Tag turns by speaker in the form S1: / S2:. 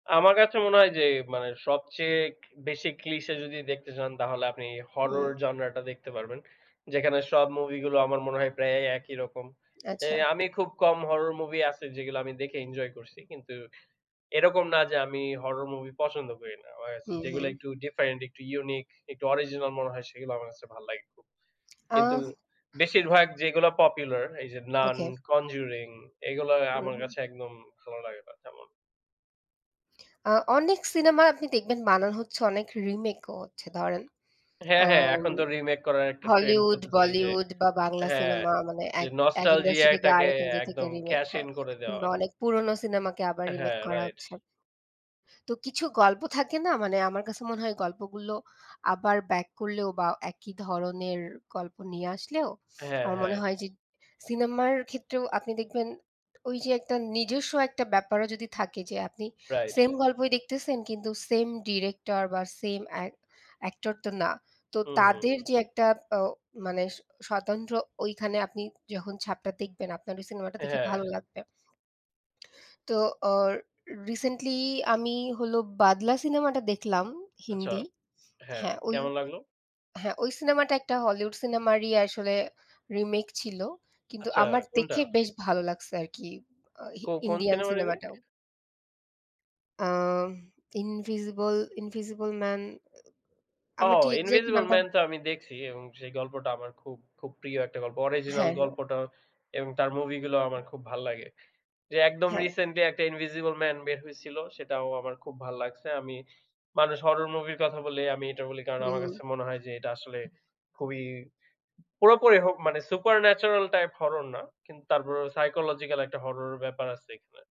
S1: আমার কাছে মনে হয় যে মানে সবচেয়ে বেশি clicheé যদি দেখতে চান তাহলে আপনি horror
S2: হুম।
S1: genre টা দেখতে পারবেন। যেখানে সব movie গুলো আমার মনে হয় প্রায় এ একই রকম। এ
S2: আচ্ছা।
S1: আমি খুব কম horror movie আছে যেগুলা আমি দেখে enjoy করছি। কিন্তু এরকম না যে আমি horror movie পছন্দ করি না। আমার কাছে
S2: হুম,
S1: যেগুলা
S2: হুম।
S1: একটু different, একটু unique, একটু original মনে হয় সেগুলা আমার কাছে ভাল লাগে খুব। কিন্তু
S2: আহ
S1: বেশিরভাগ যেগুলা popular এই যে 'Nan,
S2: ওকে।
S1: Conjuring' এগুলা
S2: হুম,
S1: আমার
S2: হুম।
S1: কাছে একদম ভালো লাগে না তেমন।
S2: আ অনেক সিনেমা আপনি দেখবেন বানানো হচ্ছে অনেক remake ও হচ্ছে ধরেন
S1: হ্যাঁ,
S2: আ
S1: হ্যাঁ এখন তো remake করার একটা trend
S2: Hollywood,
S1: চলতেছে এই যে
S2: Bollywood বা বাংলা
S1: হ্যাঁ,
S2: সিনেমা মানে
S1: যে
S2: এক এক
S1: nostalgia
S2: industry থেকে
S1: এটাকে
S2: আরেক industry থেকে
S1: একদম
S2: remake,
S1: cash
S2: হ্যাঁ।
S1: in করে দেওয়া।
S2: কিংবা অনেক পুরনো সিনেমাকে আবার remake
S1: হ্যাঁ,
S2: করা
S1: right।
S2: হচ্ছে। তো কিছু গল্প থাকে না, মানে আমার কাছে মনে হয় গল্পগুলো আবার back করলেও বা একই ধরনের গল্প নিয়ে আসলেও
S1: হ্যাঁ,
S2: আমার মনে
S1: হ্যাঁ।
S2: হয় যে সিনেমার ক্ষেত্রেও আপনি দেখবেন ওই যে একটা নিজস্ব একটা ব্যাপারও যদি থাকে যে আপনি
S1: Right।
S2: same গল্পই দেখতেছেন কিন্তু same director বা সেম আ same actor তো না তো
S1: হুম, হুম,
S2: তাদের
S1: হুম।
S2: যে একটা ও মানে স স্বতন্ত্র ওইখানে আপনি যখন ছাপটা দেখবেন আপনার ওই সিনেমাটা দেখে
S1: হ্যাঁ।
S2: ভালো লাগবে। তো আ recently আমি হলো 'Badla' সিনেমাটা দেখলাম
S1: আচ্ছা,
S2: হিন্দি।
S1: হ্যাঁ
S2: হ্যাঁ, ওই
S1: কেমন লাগলো?
S2: হ্যাঁ, ওই সিনেমাটা একটা Hollywood সিনেমারই আসলে remake ছিল কিন্তু
S1: আচ্ছা,
S2: আমার
S1: কোনটা?
S2: দেখে বেশ ভালো লাগছে আরকি আ
S1: কো কোন
S2: Indian
S1: সিনেমার remake?
S2: সিনেমাটাও। আ ইনভিসিবল 'Invisible Man' এ এ
S1: ও
S2: আমার ঠিক exact
S1: 'Invisible
S2: নামটা
S1: Man' তো আমি দেখছি এবং সেই গল্পটা আমার খুব, খুব প্রিয় একটা গল্প। Original
S2: হ্যাঁ, হ্যাঁ।
S1: গল্পটা এবং তার movie গুলো আমার খুব ভাল লাগে। যে একদম
S2: হ্যাঁ।
S1: recently একটা 'Invisible Man' বের হয়েছিল সেটাও আমার খুব ভাল লাগছে। আমি মানুষ horror movieর কথা বললেই আমি এটা বলি কারণ
S2: হুম,
S1: আমার
S2: হুম।
S1: কাছে মনে হয় যে এটা আসলে খুবই পুরোপুরি হ মানে supernatural type horror না। কিন্তু তার পরে psychological একটা horror ব্যাপার আছে এখানে।